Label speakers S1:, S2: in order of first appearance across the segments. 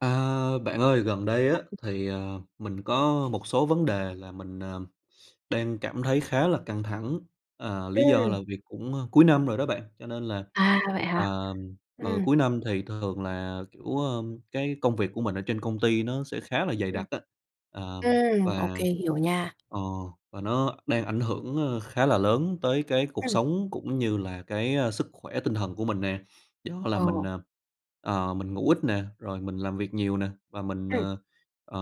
S1: A, bạn ơi gần đây á thì, ờ, mình có một số vấn đề là mình, ờ, đang cảm thấy khá là căng thẳng. Ờ, lý do
S2: Ừm.
S1: là việc cũng, a, cuối năm rồi đó bạn, cho nên là,
S2: À, vậy hả?
S1: ờm, ờ,
S2: Ừm.
S1: cuối năm thì thường là, kiểu, ơ, cái công việc của mình ở trên công ty nó sẽ khá là dày
S2: Ừm.
S1: đặc á. Ờm.
S2: Ừm, ô
S1: Và,
S2: kê, hiểu nha.
S1: ờ, và nó đang ảnh hưởng, ơ, khá là lớn tới cái cuộc
S2: Ừm.
S1: sống cũng như là cái, a, sức khỏe tinh thần của mình nè. Do là
S2: Ờ.
S1: mình, ờ, ờ, mình ngủ ít nè, rồi mình làm việc nhiều nè và mình,
S2: Ừm.
S1: ờ, ờ,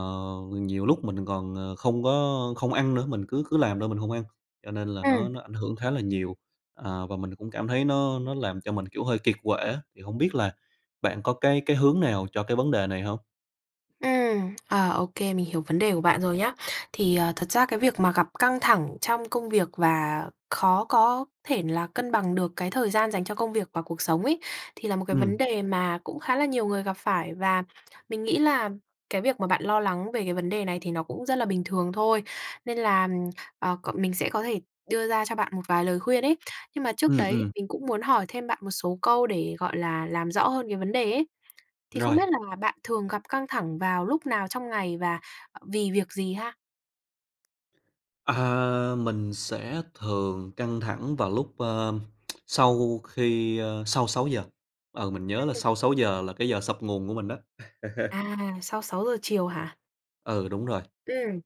S1: nhiều lúc mình còn, ờ, không có không ăn nữa, mình cứ cứ làm thôi mình hông ăn. Cho nên là
S2: Ừ.
S1: nó nó ảnh hưởng khá là nhiều, à, và mình cũng cảm thấy nó nó làm cho mình, kiểu, hơi kiệt quệ á. Thì hổng biết là bạn có cái cái hướng nào cho cái vấn đề này hông?
S2: Ừm. Ờ, ô kê mình hiểu vấn đề của bạn rồi nhá. Thì, ờ, thật ra cái việc mà gặp căng thẳng trong công việc và khó có thể là cân bằng được cái thời gian dành cho công việc và cuộc sống ấy, thì là một cái vấn
S1: Ừm.
S2: đề mà cũng khá là nhiều người gặp phải và mình nghĩ là cái việc mà bạn lo lắng về cái vấn đề này thì nó cũng rất là bình thường thôi. Nên là, ờ, c mình sẽ có thể đưa ra cho bạn một vài lời khuyên ấy, nhưng mà trước
S1: Ừm,
S2: đấy thì
S1: ừm.
S2: mình cũng muốn hỏi thêm bạn một số câu để, gọi là, làm rõ hơn cái vấn đề ấy. Thì không
S1: Rồi.
S2: biết là bạn thường gặp căng thẳng vào lúc nào trong ngày và, ờ, vì việc gì ha?
S1: À, mình sẽ thường căng thẳng vào lúc, ờm, sau khi, ơ, sau 6:00, ừ, mình nhớ là
S2: Ừm.
S1: sau 6:00 là cái giờ sập nguồn của mình á.
S2: À, sau 6:00 chiều hả?
S1: Ừ, đúng rồi.
S2: Ừm.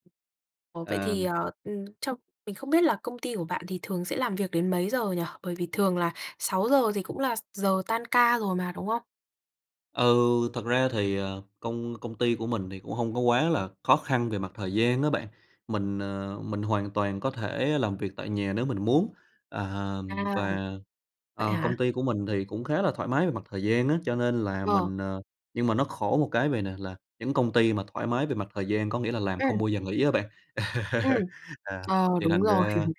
S2: Ồ, vậy thì,
S1: Ờm.
S2: à, ừm, trong mình không biết là công ty của bạn thì thường sẽ làm việc đến mấy giờ nhỉ? Bởi vì thường là 6:00 thì cũng là s giờ tan ca rồi mà, đúng không?
S1: Ừ, thật ra thì, ờ, công công ty của mình thì cũng hông có quá là khó khăn về mặt thời gian á bạn, mình, ờ, mình hoàn toàn có thể làm việc tại nhà nếu mình muốn, À,
S2: À.
S1: và,
S2: Vậy
S1: ờ,
S2: hả?
S1: công ty của mình thì cũng khá là thoải mái về mặt thời gian á, cho nên là
S2: Ờ.
S1: mình ờ, nhưng mà nó khổ một cái vầy nè, là những công ty mà thoải mái về mặt thời gian có nghĩa là làm không
S2: Ừm.
S1: bao giờ nghỉ á bạn.
S2: Ừm.
S1: À,
S2: Ờ,
S1: thì
S2: đúng
S1: thành
S2: rồi.
S1: ra,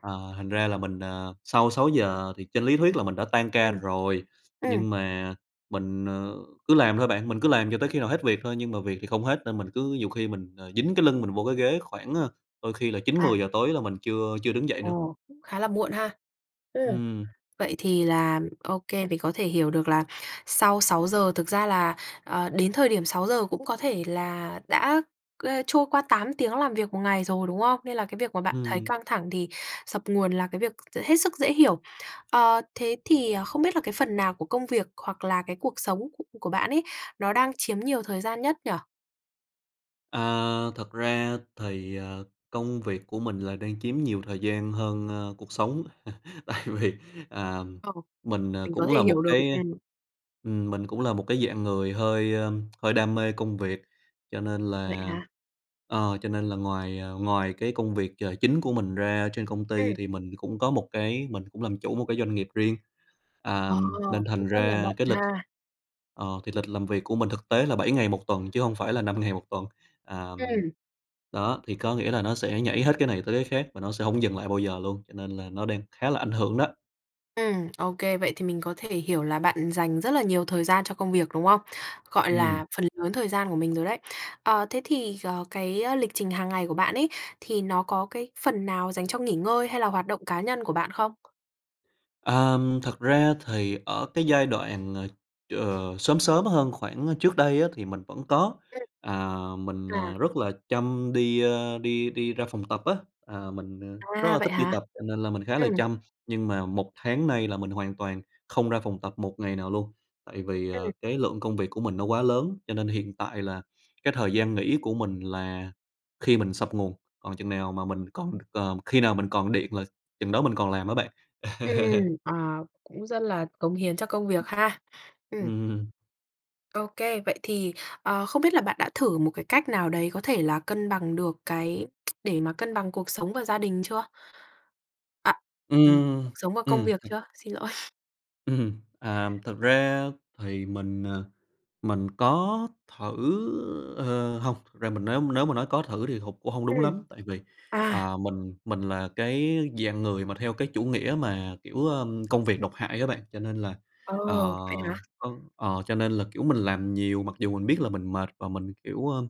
S1: ờ, thành ra là mình, à, sau 6:00 thì trên lý thuyết là mình đã tan ca
S2: Ừm.
S1: rồi,
S2: Ừm.
S1: nhưng mà mình, ờ, cứ làm thôi bạn, mình cứ làm cho tới khi nào hết việc thôi. Nhưng mà việc thì không hết, nên mình cứ nhiều khi mình, ờ, dính cái lưng mình vô cái ghế, khoảng, ờ, đôi khi là chín
S2: À.
S1: mười giờ tối là mình chưa chưa đứng dậy nữa.
S2: Ồ, cũng khá là muộn ha. Ừm.
S1: Ừm.
S2: Vậy thì là OK, mình có thể hiểu được là sau 6:00 thực ra là, ờ, đến thời điểm 6:00 cũng có thể là đã, ơ, trôi qua 8 tiếng làm việc 1 ngày rồi, đúng không? Nên là cái việc mà bạn thấy
S1: Ừm.
S2: căng thẳng thì sập nguồn là cái việc t hết sức dễ hiểu. Ờ, thế thì không biết là cái phần nào của công việc, hoặc là cái cuộc sống củ của bạn ấy, nó đang chiếm nhiều thời gian nhất nhỉ?
S1: À, thật ra thì, ờ, công việc của mình là đang chiếm nhiều thời gian hơn, ơ, cuộc sống. Tại vì, à,
S2: Ờ,
S1: mình, ờ,
S2: mình có
S1: cũng
S2: thể
S1: là một
S2: hiểu được
S1: cái
S2: [unintelligible]
S1: ừm, mình cũng là một cái dạng người hơi, ơ, hơi đam mê công việc. Cho nên
S2: Vậy
S1: là,
S2: hả?
S1: ờ, cho nên là ngoài, à, ngoài cái công việc chờ chính của mình ra ở trên công ty
S2: Ừm.
S1: thì mình cũng có một cái mình cũng làm chủ một cái doanh nghiệp riêng. À,
S2: Ờ,
S1: nên thành
S2: cũng rất là
S1: ra
S2: bận
S1: cái lịch,
S2: ha.
S1: ờ, thì lịch làm việc của mình thực tế là 7 ngày 1 tuần chứ hông phải là 5 ngày 1 tuần. À,
S2: Ừm.
S1: đó, thì có nghĩa là nó sẽ nhảy hết cái này tới cái khác và nó sẽ hổng dừng lại bao giờ luôn, cho nên là nó đang khá là ảnh hưởng đó.
S2: Ừm, ô kê. Vậy thì mình có thể hiểu là bạn dành rất là nhiều thời gian cho công việc, đúng không? Gọi
S1: Ừm.
S2: là phần lớn thời gian của mình rồi đấy. Ờ, thế thì, ờ, cái lịch trình hàng ngày của bạn ấy thì nó có cái phần nào dành cho nghỉ ngơi hay là hoạt động cá nhân của bạn không?
S1: Ờm, thật ra thì ở cái giai đoạn là, ờ, sớm sớm hơn khoảng trước đây á thì mình vẫn có.
S2: Ừm.
S1: À, mình, à,
S2: À.
S1: rất là chăm đi, ơ, đi đi ra phòng tập á. À, mình, à, rất
S2: À,
S1: là
S2: vậy
S1: thích đi
S2: hả?
S1: tập cho nên là mình khá là
S2: Ừm.
S1: chăm. Nhưng mà 1 tháng nay là mình hoàn toàn không ra phòng tập một ngày nào luôn. Tại vì,
S2: Ừm.
S1: ờ, cái lượng công việc của mình nó quá lớn, cho nên hiện tại là cái thời gian nghỉ của mình là khi mình sập nguồn, còn chừng nào mà mình còn, ờ, khi nào mình còn điện là chừng đó mình còn làm á bạn.
S2: Ừm, ờ, cũng rất là cống hiến cho công việc ha. Ừm.
S1: Ừm.
S2: Ô kê, vậy thì, ờ, không biết là bạn đã thử một cái cách nào đấy có thể là cân bằng được cái để mà cân bằng cuộc sống và gia đình chưa? À, ừm,
S1: Ừm,
S2: cuộc sống và công
S1: ừm
S2: việc chưa? Xin lỗi.
S1: Ừm. À, thực ra thì mình, à, mình có thử, ờ, hông, thực ra mình nếu nếu mà nói có thử thì hụt cũng hông đúng
S2: Ừm.
S1: lắm, tại vì,
S2: À!
S1: à, mình mình là cái dạng người mà theo cái chủ nghĩa mà, kiểu, ờm, công việc độc hại á bạn. Cho nên là,
S2: Ờ,
S1: ờ,
S2: vậy hả?
S1: ơ, ờ, cho nên là, kiểu, mình làm nhiều mặc dù mình biết là mình mệt và mình, kiểu, ưm,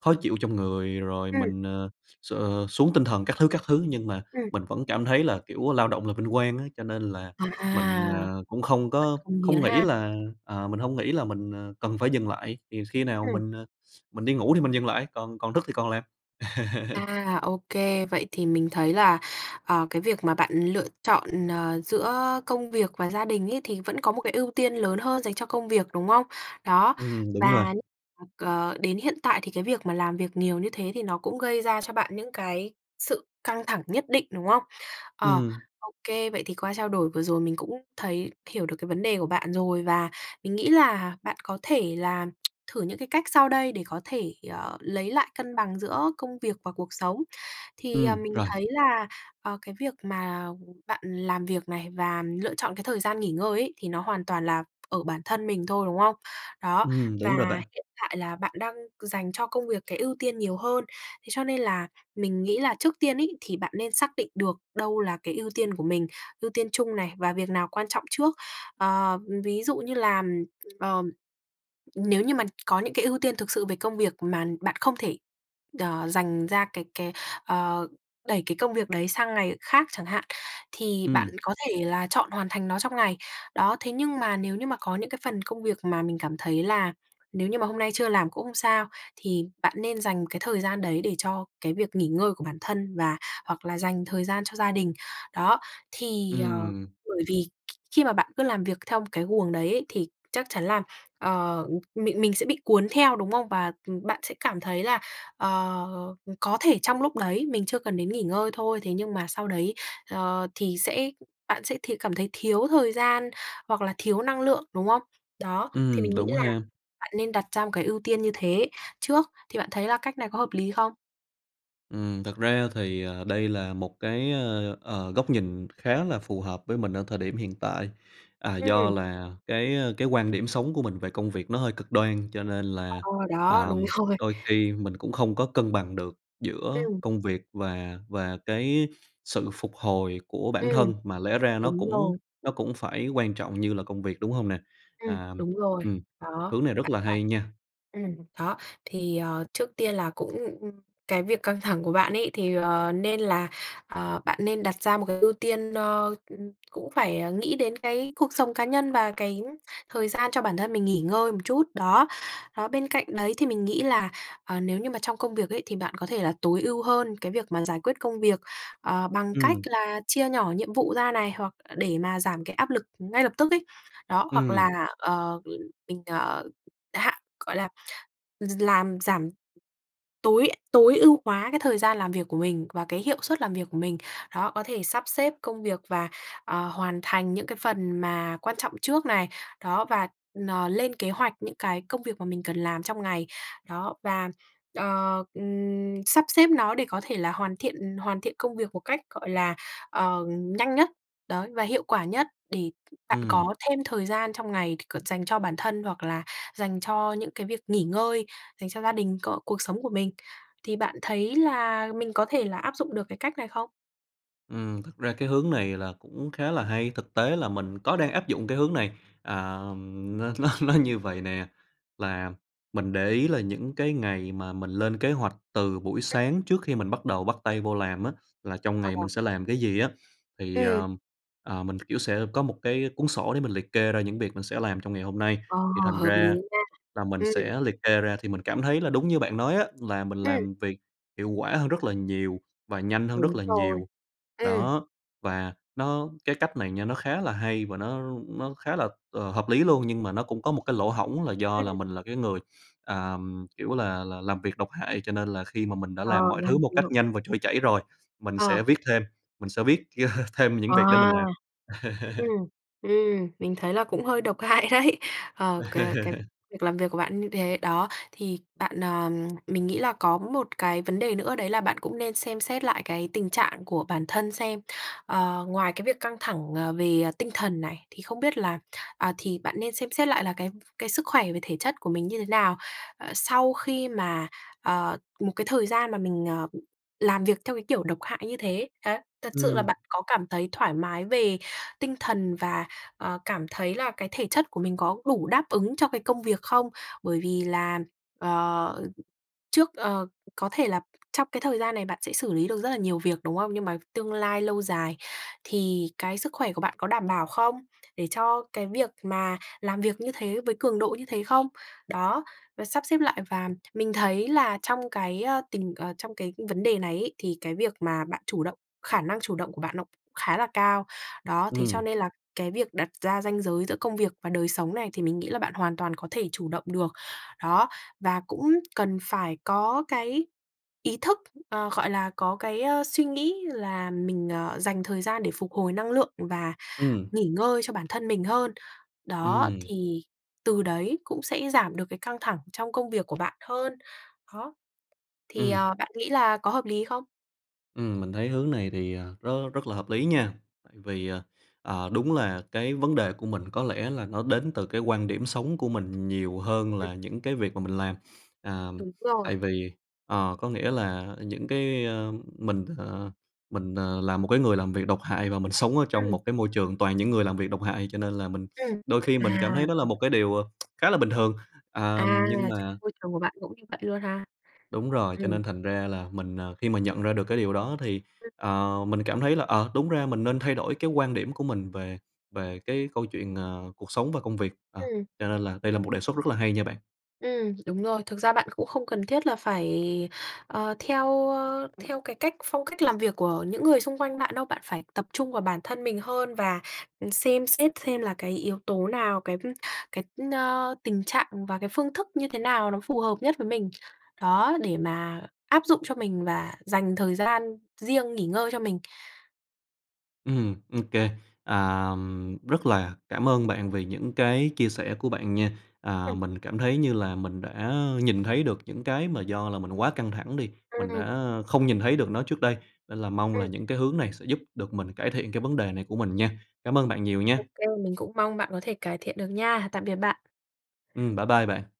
S1: khó chịu trong người rồi
S2: Ừm.
S1: mình, ờ, x xuống tinh thần các thứ các thứ. Nhưng mà
S2: Ừm.
S1: mình vẫn cảm thấy là kiểu lao động là vinh quang á, cho nên là mình,
S2: À!
S1: ờ, cũng không
S2: Rất
S1: có
S2: cống hiến
S1: không nghĩ
S2: ha!
S1: là, à, mình hông nghĩ là mình, à, cần phải dừng lại. Thì khi nào
S2: Ừm.
S1: mình, à, mình đi ngủ thì mình dừng lại, còn còn thức thì còn làm.
S2: À, ô kê, vậy thì mình thấy là, ờ, cái việc mà bạn lựa chọn, ờ, giữa công việc và gia đình ấy thì vẫn có một cái ưu tiên lớn hơn dành cho công việc, đúng không? Đó,
S1: Ừm, đúng rồi.
S2: và nh ừm, ờ, đến hiện tại thì cái việc mà làm việc nhiều như thế thì nó cũng gây ra cho bạn những cái sự căng thẳng nhất định, đúng không? Ờ,
S1: Ừm.
S2: ô kê, vậy thì qua trao đổi vừa rồi mình cũng thấy hiểu được cái vấn đề của bạn rồi và mình nghĩ là bạn có thể là thử những cái cách sau đây để có thể, ờ, lấy lại cân bằng giữa công việc và cuộc sống. Thì, ờ,
S1: Ừm,
S2: mình
S1: rồi.
S2: thấy là, ờ, cái việc mà bạn làm việc này và lựa chọn cái thời gian nghỉ ngơi ấy thì nó hoàn toàn là ở bản thân mình thôi, đúng không? Đó,
S1: Ừm,
S2: và
S1: đúng rồi bạn.
S2: hiện tại là bạn đang dành cho công việc cái ưu tiên nhiều hơn, thế cho nên là mình nghĩ là trước tiên ấy thì bạn nên xác định được đâu là cái ưu tiên của mình, ưu tiên chung này và việc nào quan trọng trước. Ờ, ừm, ví dụ như làm, ờm, nếu như mà có những cái ưu tiên thực sự về công việc mà bạn không thể, ờ, dành ra cái cái, ờ, đẩy cái công việc đấy sang ngày khác chẳng hạn, thì bạn
S1: Ừm.
S2: có thể là chọn hoàn thành nó trong ngày. Đó, thế nhưng mà nếu như mà có những cái phần công việc mà mình cảm thấy là nếu như mà hôm nay chưa làm cũng không sao, thì bạn nên dành cái thời gian đấy để cho cái việc nghỉ ngơi của bản thân và hoặc là dành thời gian cho gia đình. Đó, thì, ờ,
S1: Ừm.
S2: bởi vì khi mà bạn cứ làm việc theo một cái guồng đấy ấy thì chắc chắn là, ờ, ừm, mình mình sẽ bị cuốn theo, đúng không? Và, ừm, bạn sẽ cảm thấy là, ờ, có thể trong lúc đấy mình chưa cần đến nghỉ ngơi thôi, thế nhưng mà sau đấy, ờ, thì sẽ bạn sẽ thì cảm thấy thiếu thời gian, hoặc là thiếu năng lượng, đúng không? Đó, thì
S1: Ừm,
S2: mình nghĩ
S1: đúng
S2: là
S1: ha!
S2: bạn nên đặt ra một cái ưu tiên như thế trước, thì bạn thấy là cách này có hợp lý không?
S1: Ừm, thật ra thì, ờ, đây là một cái, ơ, ờ, góc nhìn khá là phù hợp với mình ở thời điểm hiện tại. À, do
S2: Ừm.
S1: là cái, ơ, cái quan điểm sống của mình về công việc nó hơi cực đoan, cho nên
S2: Ờ,
S1: là,
S2: đó, đúng
S1: ờm,
S2: rồi.
S1: đôi khi mình cũng không có cân bằng được giữa
S2: Ừm.
S1: công việc và và cái sự phục hồi của bản
S2: Ừm,
S1: thân, mà lẽ ra nó
S2: đúng
S1: cũng
S2: rồi.
S1: nó cũng phải quan trọng như là công việc, đúng hông nè?
S2: Ừm,
S1: À,
S2: đúng rồi.
S1: ừm,
S2: Đó,
S1: hướng này rất
S2: bạn
S1: là
S2: phải
S1: hay nha.
S2: ừm, đó thì, ờ, trước tiên là cũng cái việc căng thẳng của bạn ấy, thì, ờ, nên là, ờ, bạn nên đặt ra một cái ưu tiên, ơ, cũng phải nghĩ đến cái cuộc sống cá nhân và cái thời gian cho bản thân mình nghỉ ngơi một chút, đó. Đó, bên cạnh đấy thì mình nghĩ là, ờ, nếu như mà trong công việc ấy, thì bạn có thể là tối ưu hơn cái việc mà giải quyết công việc, ờ, bằng cách
S1: Ừm.
S2: là chia nhỏ nhiệm vụ ra này, hoặc để mà giảm cái áp lực ngay lập tức ấy. Đó, hoặc
S1: Ừm.
S2: là, ờ, mình, ờ, hạ gọi là, gi làm giảm tối tối ưu hóa cái thời gian làm việc của mình và cái hiệu suất làm việc của mình. Đó, có thể sắp xếp công việc và, ờ, hoàn thành những cái phần mà quan trọng trước này, đó, và, ờ, lên kế hoạch những cái công việc mà mình cần làm trong ngày. Đó, và, ờ, ừm, sắp xếp nó để có thể là hoàn thiện hoàn thiện công việc một cách, gọi là, ờ, nhanh nhất, đấy, và hiệu quả nhất, để bạn
S1: Ừm.
S2: có thêm thời gian trong ngày c dành cho bản thân hoặc là dành cho những cái việc nghỉ ngơi, dành cho gia đình có cuộc sống của mình. Thì bạn thấy là mình có thể là áp dụng được cái cách này không?
S1: Ừm, thực ra cái hướng này là cũng khá là hay. Thực tế là mình có đang áp dụng cái hướng này, à, nó nó nó như vầy nè, là mình để ý là những cái ngày mà mình lên kế hoạch từ buổi
S2: [unintelligible]
S1: sáng trước khi mình bắt đầu bắt tay vô làm á, là trong
S2: Ờ,
S1: ngày
S2: ờ.
S1: mình sẽ làm cái gì á, thì,
S2: Ừm.
S1: ờ, ờ, mình, kiểu, sẽ có một cái cuốn sổ để mình liệt kê ra những việc mình sẽ làm trong ngày hôm nay,
S2: Ờ,
S1: thì thành
S2: hợp lý
S1: ra
S2: nha.
S1: là mình
S2: Ừm.
S1: sẽ liệt kê ra, thì mình cảm thấy là đúng như bạn nói á, là mình
S2: Ừm.
S1: làm việc hiệu quả hơn rất là nhiều, và nhanh hơn rất
S2: Đúng
S1: là
S2: rồi.
S1: nhiều.
S2: Ừm.
S1: Đó. Và nó cái cách này nha, nó khá là hay và nó, ưm, nó khá là, ờ, hợp lý luôn, nhưng mà nó cũng có một cái lỗ hổng, là do
S2: Ừm.
S1: là mình là cái người, à, kiểu là là, làm việc độc hại, cho nên là khi mà mình đã làm
S2: Ờ,
S1: mọi
S2: làm
S1: thứ
S2: thì
S1: một
S2: được.
S1: cách nhanh và trôi chảy rồi, mình
S2: Ờ.
S1: sẽ viết thêm, mình sẽ viết thêm những việc để mình
S2: À!
S1: làm.
S2: Ừm. Ừm, mình thấy là cũng hơi độc hại đấy. Ô kê, cái lịch làm việc của bạn như thế đó, thì bạn, ờ, mình nghĩ là có một cái vấn đề nữa, đấy là bạn cũng nên xem xét lại cái tình trạng của bản thân xem. Ờ, ngoài cái việc căng thẳng, ờ, về tinh thần này, thì không biết là, à, thì bạn nên xem xét lại là cái, ừm, cái sức khỏe về thể chất của mình như thế nào, ờ, sau khi mà, ờ, một cái thời gian mà mình, ờ, làm việc theo cái kiểu độc hại như thế, đấy. Thật sự là
S1: Ừm.
S2: bạn có cảm thấy thoải mái về tinh thần và, ờ, cảm thấy là cái thể chất của mình có đủ đáp ứng cho cái công việc không? Bởi vì là, ờ, trước, ờ có thể là trong cái thời gian này bạn sẽ xử lý được rất là nhiều việc, đúng không? Nhưng mà tương lai lâu dài thì cái sức khỏe của bạn có đảm bảo không? Để cho cái việc mà làm việc như thế, với cường độ như thế không? Đó, rồi sắp xếp lại, và mình thấy là trong cái ơ, tình, ờ, trong cái vấn đề này ấy, thì cái việc mà bạn chủ động, khả năng chủ động của bạn nó cũng khá là cao. Đó, thế cho
S1: Ừm.
S2: nên là cái việc đặt ra ranh giới giữa công việc và đời sống này, thì mình nghĩ là bạn hoàn toàn có thể chủ động được. Đó, và cũng cần phải có cái ý thức, ờ, gọi là có cái ơ, suy nghĩ là mình ờ, dành thời gian để phục hồi năng lượng và
S1: Ừm.
S2: nghỉ ngơi cho bản thân mình hơn. Đó,
S1: Ừm.
S2: thì từ đấy cũng sẽ giảm được cái căng thẳng trong công việc của bạn hơn. Đó. Thì
S1: Ừm.
S2: ờ, bạn nghĩ là có hợp lý không?
S1: Ừm, mình thấy hướng này thì, ờ, rất, rất là hợp lý nha. Tại vì, ờ, ờ, đúng là cái vấn đề của mình, có lẽ là nó đến từ cái quan điểm sống của mình nhiều hơn
S2: Ừm.
S1: là những cái việc mà mình làm. À,
S2: Đúng rồi.
S1: tại vì, ờ, có nghĩa là những cái, ơ, mình, ờ, mình, ờ, là một cái người làm việc độc hại, và mình sống ở trong
S2: Ừm.
S1: một cái môi trường toàn những người làm việc độc hại, cho nên là mình
S2: Ừm.
S1: đôi khi mình cảm
S2: À.
S1: thấy đó là một
S2: [unintelligible]
S1: cái điều ờ, khá là bình thường, à,
S2: À,
S1: nhưng
S2: trong
S1: mà
S2: môi trường của bạn cũng như vậy luôn ha.
S1: Đúng rồi, cho
S2: Ừm.
S1: nên thành ra là mình, ờ, khi mà nhận ra được cái điều đó, thì,
S2: Ừm.
S1: ờ, mình cảm thấy là, ờ, đúng ra mình nên thay đổi cái quan điểm của mình về về cái câu chuyện, ờ, cuộc sống và công việc. Ờ,
S2: Ừm.
S1: cho nên là đây là một đề xuất rất là hay nha bạn.
S2: Ừm, đúng rồi. Thực ra bạn cũng không cần thiết là phải, ờ, theo, ơ, theo cái cách phong cách làm việc của những người xung quanh bạn đâu, bạn phải tập trung vào bản thân mình hơn và xem xét xem là cái yếu tố nào, cái, ưm, cái, ơ, tình trạng và cái phương thức như thế nào nó phù hợp nhất với mình. Đó, để mà áp dụng cho mình và dành thời gian riêng nghỉ ngơi cho mình.
S1: Ừm, OK. À, rất là cảm ơn bạn vì những cái chia sẻ của bạn nha.
S2: Ừm.
S1: À, mình cảm thấy như là mình đã, ơ, nhìn thấy được những cái mà do là mình quá căng thẳng đi, mình
S2: Ừm.
S1: đã không nhìn thấy được nó trước đây, nên là mong là
S2: Ừm.
S1: những cái hướng này sẽ giúp được mình cải thiện cái vấn đề này của mình nha. Cảm ơn bạn nhiều nha.
S2: Ô kê. Mình cũng mong bạn có thể cải thiện được nha. Tạm biệt bạn.
S1: Ừm, bye bye bạn.